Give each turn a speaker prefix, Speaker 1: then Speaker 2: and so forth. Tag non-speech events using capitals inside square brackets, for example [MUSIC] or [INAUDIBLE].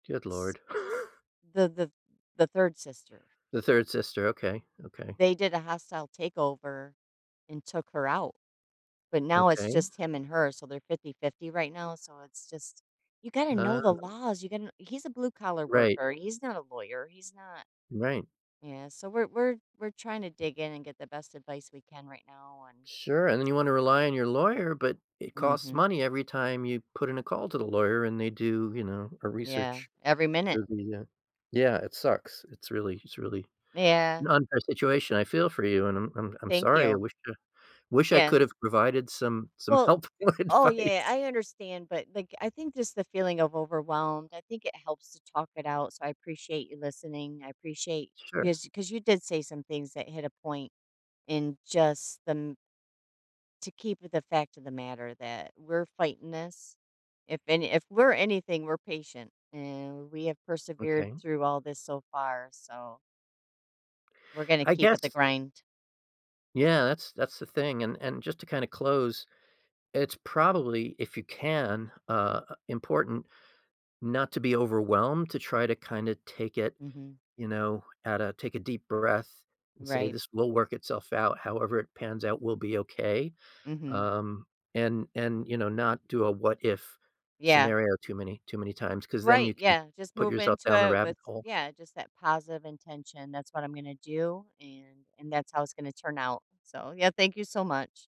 Speaker 1: Good
Speaker 2: S
Speaker 1: lord. [CHUCKLES]
Speaker 2: the the the 3rd sister.
Speaker 1: The 3rd sister. Okay, okay.
Speaker 2: They did a hostile takeover and took her out, but now, it's
Speaker 1: Okay.
Speaker 2: just him and her, so they're 50-50 right now, so, it's just you gotta know the
Speaker 1: Ah.
Speaker 2: laws. You gon he's a blue collar
Speaker 1: Right.
Speaker 2: worker, he's not a lawyer. He's not
Speaker 1: Right.
Speaker 2: yeah, so, we're we're we're trying to dig in and get the best advice we can right now, and
Speaker 1: Sure, and then you wanna rely on your lawyer, but it costs
Speaker 2: Mhm.
Speaker 1: money every time you put in a call to the lawyer, and they do, you know, a
Speaker 2: Yeah.
Speaker 1: research
Speaker 2: Every minute.
Speaker 1: review, yeah. Yeah, it sucks. It's really it's really an
Speaker 2: Yeah.
Speaker 1: unfair situation. I feel for you, and I'm I'm I'm
Speaker 2: Thank
Speaker 1: sorry. I
Speaker 2: you.
Speaker 1: wish a I wish I
Speaker 2: Yeah.
Speaker 1: could've provided some some
Speaker 2: Well
Speaker 1: help or
Speaker 2: oh, yeah,
Speaker 1: advice.
Speaker 2: I understand, but like, I think just the feeling of overwhelmed, I think it helps to talk it out, so, I appreciate you listening. I appreciate
Speaker 1: Sure.
Speaker 2: because 'cause you did say some things that hit a point in just the m to keep with the fact of the matter that we're fighting this. If any if we're anything, we're patient, and we have persevered
Speaker 1: Okay.
Speaker 2: through all this so far, so we're gonna
Speaker 1: I
Speaker 2: keep at the
Speaker 1: guess
Speaker 2: grind.
Speaker 1: Yeah, that's that's the thing, and and just to kinda close, it's probably, if you can uh, important not to be overwhelmed, to try to kinda take it,
Speaker 2: Mhm.
Speaker 1: you know, at a take a deep breath and say,
Speaker 2: Right.
Speaker 1: "This will work itself out. However it pans out will be okay,"
Speaker 2: Mhm.
Speaker 1: um, and and, you know, not do a what-if
Speaker 2: Yeah.
Speaker 1: scenario too many too many times 'cause then
Speaker 2: Right,
Speaker 1: you can
Speaker 2: yeah, just
Speaker 1: put
Speaker 2: move
Speaker 1: yourself
Speaker 2: into
Speaker 1: down the
Speaker 2: it
Speaker 1: rabbit
Speaker 2: with
Speaker 1: hole.
Speaker 2: yeah, just that positive intention. That's what I'm gonna do, and and that's how it's gonna turn out, so yeah, thank you so much.